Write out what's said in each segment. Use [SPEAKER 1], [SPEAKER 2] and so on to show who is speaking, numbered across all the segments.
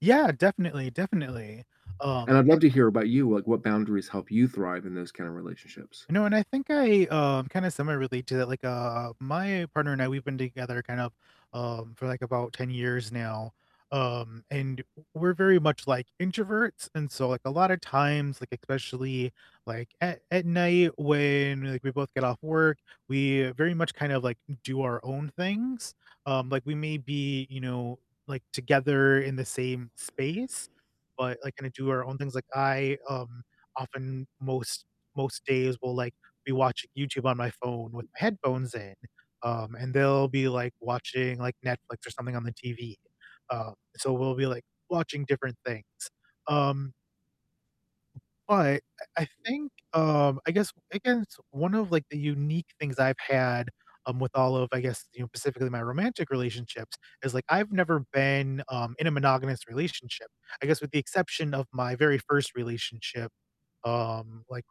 [SPEAKER 1] Yeah, definitely, definitely, um,
[SPEAKER 2] And I'd
[SPEAKER 1] a
[SPEAKER 2] love to hear about you, like, what boundaries help you thrive in those kind of relationships?
[SPEAKER 1] No, and I think I, um kinda similarly to that, like, uh, my partner and I, we've been together kind of, um, for, like, about 10 years now, um, and w we're very much, like, introverts, and so, like, a lotta times, like, especially, like, at at night when, like, we both get off work, we very much kind of, like, do our own things, um, like, we may be, you know, like, together in the same space, but, like, kinda do our own things, like I, um, often most most days will, like, be watching YouTube on my phone with my headphones in, um, and they'll be, like, watching, like, Netflix or something on the TV, um, so we'll be, like, watching different things, um But I I think, um I guess I guess one of, like, the unique things I've had, um, with all of I guess, you know- specifically my romantic relationships- is, like, I've never been, um, in a monogamous relationship I guess with the exception of my very 1st relationship, um, like,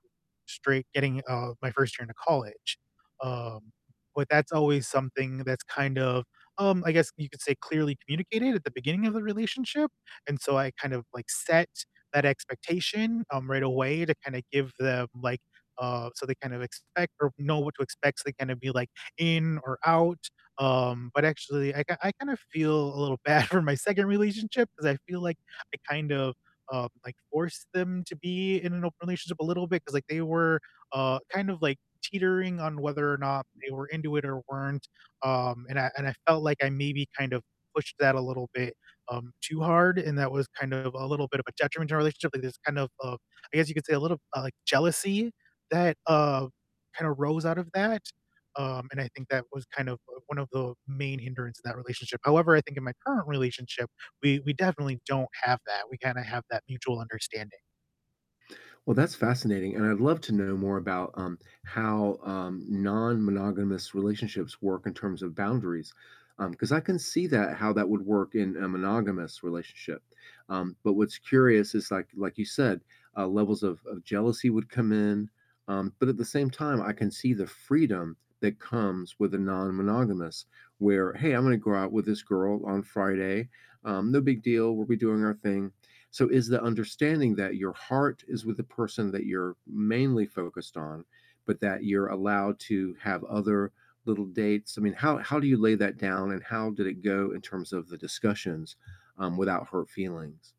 [SPEAKER 1] straight getting, uh my 1st year into college, um, but that's always something that's kind of, um I guess you could say clearly communicated at the beginning of the relationship? And so I kind of, like, set that expectation, um, right away to kinda give them, like, uh so they kind of expect or know what to expect, so they kinda be, like, in or out, um, but actually I ki I kind of feel a little bad for my 2nd relationship 'cause I feel like I kind of, um, like, forced them to be in an open relationship a little bit 'cause, like, they were, uh, kind of, like, teetering on whether or not they were into it or weren't, um, and I and I felt like I maybe, kind of pushed that a little bit, um, too hard, and that was kind of a little bit of a detriment to our relationship, like this kind of, uh I guess you could say a little, uh, like, jealousy that, uh, kinda rose out of that, um, and I think that was kind of, uh, one of the main hindrance in that relationship, however, I think in my current relationship, we we definitely don't have that, we kinda have that mutual understanding.
[SPEAKER 2] Well, that's fascinating, and I'd love to know more about, um, how, um, non-monogamous relationships work in terms of boundaries, um, 'cause I can see that how that would work in a monogamous relationship, um, but what's curious is, like like you said, uh, levels of of jealousy would come in, um but at the same time, I can see the freedom that comes with a non-monogamous where, "Hey, Imma go out with this girl on Friday, um, no big deal, we'll be doing our thing." So, is the understanding that your heart is with the person that you're mainly focused on, but that you're allowed to have other little dates? I mean, how how do you lay that down, and how did it go in terms of the discussions, um, without hurt feelings?